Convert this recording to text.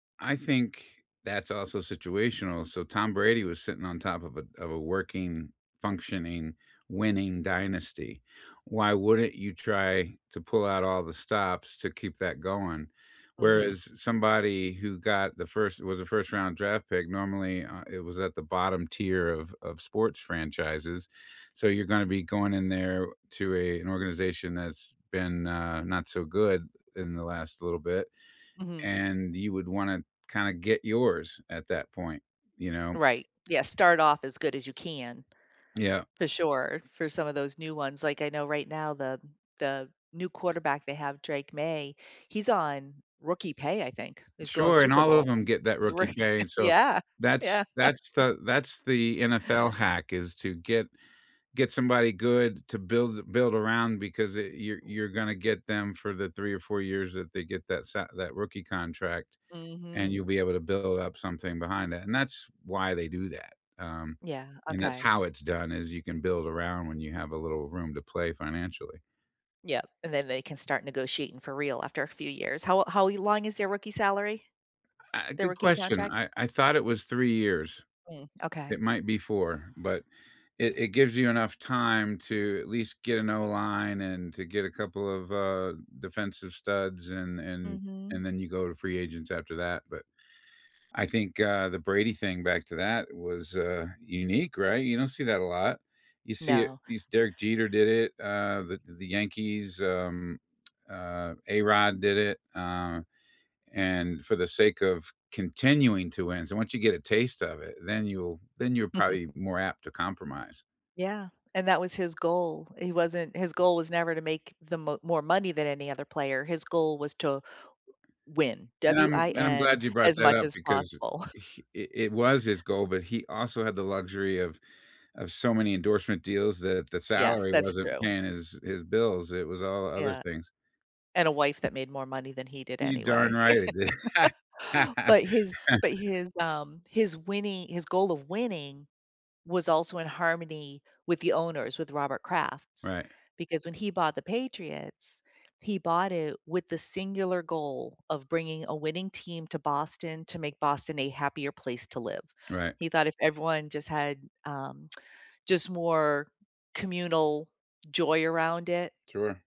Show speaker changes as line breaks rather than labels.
I think, that's also situational, so Tom Brady was sitting on top of a of a working, functioning, winning dynasty. Why wouldn't you try to pull out all the stops to keep that going?
Mhm.
Whereas somebody who got the first was a first-round draft pick, normally, uh, it was at the bottom tier of of sports franchises, so you're gonna be going in there to a an organization that's been, uh, not so good in the last little bit,
Mhm.
and you would wanna, kinda, get yours at that point, you know?
Right. Yeah, start off as good as you can.
Yeah.
For sure, for some of those new ones, like, I know right now, the the new quarterback they have, Drake Maye, he's on rookie pay, I think. He's going
Sure, and
Super
all
Bowl
of 'em get that
with
rookie
roo
pay, and so
Yeah,
that's
yeah.
that's the that's the NFL hack, is to get get somebody good to build a build around, because it you're you're gonna get them for the 3 or 4 years that they get that sa that rookie contract, and
Mhm.
you'll be able to build up something behind it, and that's why they do that, um,
Yeah,
and that's
okay.
how it's done, is you can build around when you have a little room to play financially.
Yep, and then they can start negotiating for real after a few years. How how long is their rookie salary,
Uh,
their
good
rookie
question.
contract?
I I thought it was 3 years.
Mm, okay.
It might be 4, but it it gives you enough time to, at least, get an O line, and to get a couple of, uh, defensive studs, and and
Mhm.
and then you go to free agents after that. But, I think, uh, the Brady thing, back to that, was, uh, unique, right? You don't see that a lot. You see it
No.
you se Derek Jeter did it, uh, the the Yankees, um, uh, A-Rod did it, um, and for the sake of continuing to win, so once you get a taste of it, then you'll then you're probably more apt to compromise.
Yeah, and that was his goal. He wasn't his goal was never to make the mo more money than any other player. His goal was to win,
And I'm and I'm
W-I-N,
glad you brought
as
that
much
up,
as
because i
possible.
he it it was his goal, but he also had the luxury of of so many endorsement deals that the
Yes,
salary
that's
wasn't
true.
paying his his bills. It was all the other
Yeah.
things.
And, a wife that made more money than he did,
You darn
anyway.
right it did.
But his but his, um, his winning his goal of winning was also in harmony with the owners, with Robert Kraft's,
Right.
because when he bought the Patriots, he bought it with the singular goal of bringing a winning team to Boston to make Boston a happier place to live.
Right.
He thought if everyone just had, um, just more communal joy around it
Sure.